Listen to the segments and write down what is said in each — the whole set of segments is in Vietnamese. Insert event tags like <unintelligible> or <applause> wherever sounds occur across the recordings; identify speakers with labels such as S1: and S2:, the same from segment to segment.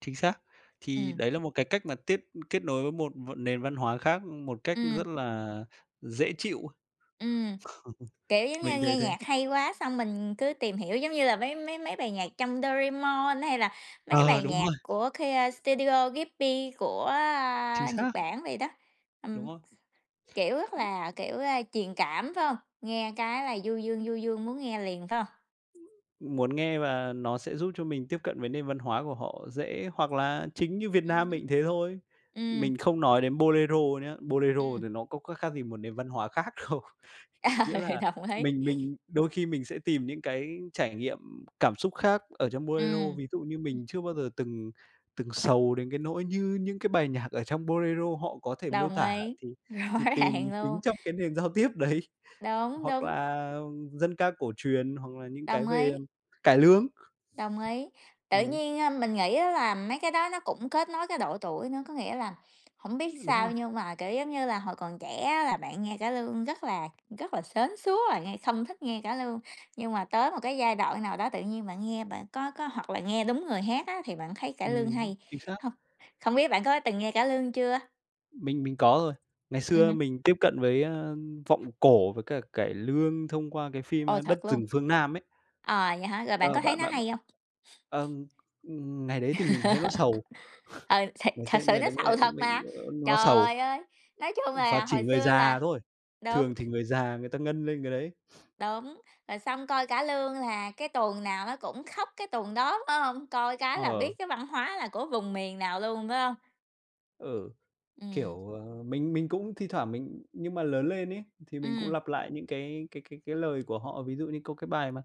S1: Chính xác. Thì
S2: Ừm.
S1: đấy là một cái cách mà tiếp ưm, kết nối với một v nền văn hóa khác một cách
S2: Ừm.
S1: rất là dễ chịu. <chuckles>
S2: Ừm, kiểu, giống như
S1: Mình thấy
S2: nghe
S1: thế.
S2: nhạc hay quá, xong mình cứ tìm hiểu, giống như là mấy mấy mấy bài nhạc trong Doraemon, hay là mấy
S1: Ờ,
S2: bài
S1: đúng
S2: nhạc
S1: rồi.
S2: của <unintelligible> Studio Ghibli của,
S1: Chính
S2: a, Nhật
S1: xác.
S2: Bản vậy đó.
S1: Đúng
S2: Ừm,
S1: không?
S2: kiểu, rất là, kiểu, a, truyền cảm, phải hông? Nghe cái là du dương, du dương muốn nghe liền, phải hông?
S1: Muốn nghe và nó sẽ giúp cho mình tiếp cận với nền văn hóa của họ dễ, hoặc là chính như Việt
S2: Ừm
S1: Nam
S2: hứm.
S1: mình cũng thế thôi.
S2: Ừm.
S1: Mình không nói đến Bolero nhá, Bolero
S2: Ừm.
S1: thì nó có khác khác gì một nền văn hóa khác đâu.
S2: Ờ,
S1: Nghĩa là
S2: đồng ý.
S1: mình mình đôi khi mình sẽ tìm những cái trải nghiệm cảm xúc khác ở trong Bolero,
S2: Ừm.
S1: ví dụ như mình chưa bao giờ từng từng sầu đến cái nỗi như những cái bài nhạc ở trong Bolero họ có thể miêu
S2: Đồng
S1: tả
S2: ý,
S1: thì
S2: rõ
S1: thì tìm
S2: ràng
S1: chính
S2: luôn.
S1: trong cái nền giao tiếp đấy,
S2: Đúng,
S1: hoặc
S2: đúng.
S1: là dân ca cổ truyền, hoặc là những cái
S2: Đồng
S1: về
S2: ý.
S1: cải lương.
S2: Đồng ý. Tự
S1: Ừm.
S2: nhiên, a, mình nghĩ á là mấy cái đó nó cũng kết nối cái độ tuổi nữa. Có nghĩa là hổng biết
S1: Đúng
S2: sao,
S1: rồi.
S2: nhưng mà, kiểu, giống như là hồi còn trẻ á là bạn nghe cải lương rất là rất là sến súa rồi nghe không thích nghe cải lương, nhưng mà tới một cái giai đoạn nào đó tự nhiên bạn nghe bạn có có hoặc là nghe đúng người hát á, thì bạn thấy cải lương
S1: Ừm hứm,
S2: hay
S1: chính xác.
S2: hông? Không biết bạn có từng nghe cải lương chưa?
S1: Mình mình có rồi. Ngày
S2: Ừm
S1: xưa
S2: hứm.
S1: mình tiếp cận với, a, vọng cổ với cả cải lương thông qua cái phim,
S2: Ồ,
S1: a, Đất
S2: thật luôn?
S1: Rừng Phương Nam ấy.
S2: À, vậy hả? Rồi bạn
S1: Ờ,
S2: có thấy
S1: bạn
S2: nó
S1: bạn b
S2: hay hông? <chuckles>
S1: ờ, ng ngày đấy thì mình thấy nó sầu.
S2: <laughs> Ừ, thiệt,
S1: Vào
S2: thật
S1: xem
S2: sự
S1: ngày
S2: nó
S1: đấy
S2: sầu
S1: nghe
S2: thật
S1: mình
S2: mà.
S1: ơ, nó sầu.
S2: Trời ơi! Nói chung
S1: Và
S2: là
S1: chỉ
S2: hồi
S1: người
S2: xưa là
S1: già thôi,
S2: đúng.
S1: thường thì người già người ta ngân lên cái đấy. <sniffs>
S2: Đúng, rồi xong coi cả lương là cái tuồng nào nó cũng khóc cái tuồng đó, phải hông? Coi cái là
S1: Ờ.
S2: biết cái văn hóa là của vùng miền nào luôn, phải hông?
S1: Ừ,
S2: Ừm.
S1: kiểu, ờ, mình mình cũng thi thoảng mình nhưng mà lớn lên ấy thì mình cũng
S2: Ừm.
S1: lặp lại những cái cái cái cái lời của họ, ví dụ như có cái bài mà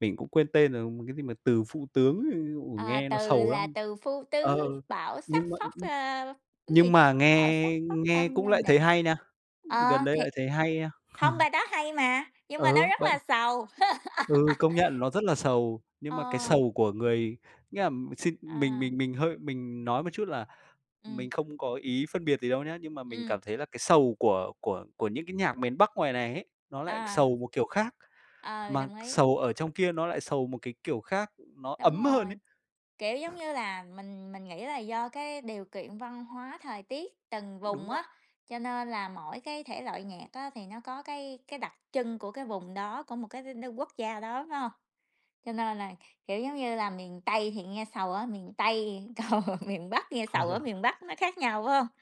S1: mình cũng quên tên rồi, ừm, cái gì mà "từ phu tướng", ôi,
S2: À,
S1: nghe nó
S2: từ
S1: sầu
S2: là
S1: lắm.
S2: từ phu
S1: Ờ,
S2: tứ, bão sắc
S1: nhưng m
S2: phóc,
S1: nhưng
S2: ờ, cái gì,
S1: nhưng mà
S2: bão sắc
S1: nghe
S2: phóc
S1: nghe
S2: tâng
S1: cũng
S2: lên
S1: lại thấy
S2: đàng.
S1: hay nha, gần
S2: Ờ,
S1: đây lại
S2: thiệt.
S1: thấy hay ha.
S2: Hông,
S1: <chuckles>
S2: bài đó hay mà, nhưng mà nó
S1: Ừ,
S2: rất
S1: bận.
S2: là sầu.
S1: Ừ, công nhận
S2: <laughs>
S1: nó rất là sầu, nhưng mà cái
S2: Ờ.
S1: sầu của người, nghĩa là xin mình
S2: À.
S1: mình mình hơi mình nói một chút là
S2: Ừm.
S1: mình không có ý phân biệt gì đâu nhá, nhưng mà mình
S2: Ừm.
S1: cảm thấy là cái sầu của của của những cái nhạc miền Bắc ngoài này ấy, nó lại
S2: À.
S1: sầu một kiểu khác,
S2: Ừ,
S1: mà
S2: đồng ý.
S1: sầu ở trong kia nó lại sầu một cái kiểu khác, nó
S2: Đúng
S1: ấm hơn ấy.
S2: rồi, kiểu, giống
S1: <chuckles>
S2: như là mình mình nghĩ là do cái điều kiện văn hóa thời tiết từng
S1: Đúng.
S2: vùng á,
S1: <unintelligible>
S2: cho nên là mỗi cái thể loại nhạc á thì nó có cái cái đặc trưng của cái vùng đó, của một cái <unintelligible> quốc gia đó, phải hông? Cho nên là, kiểu, giống như là miền Tây thì nghe sầu ở miền Tây, còn miền Bắc nghe sầu ở
S1: <chuckles>
S2: miền Bắc nó khác nhau, phải hông?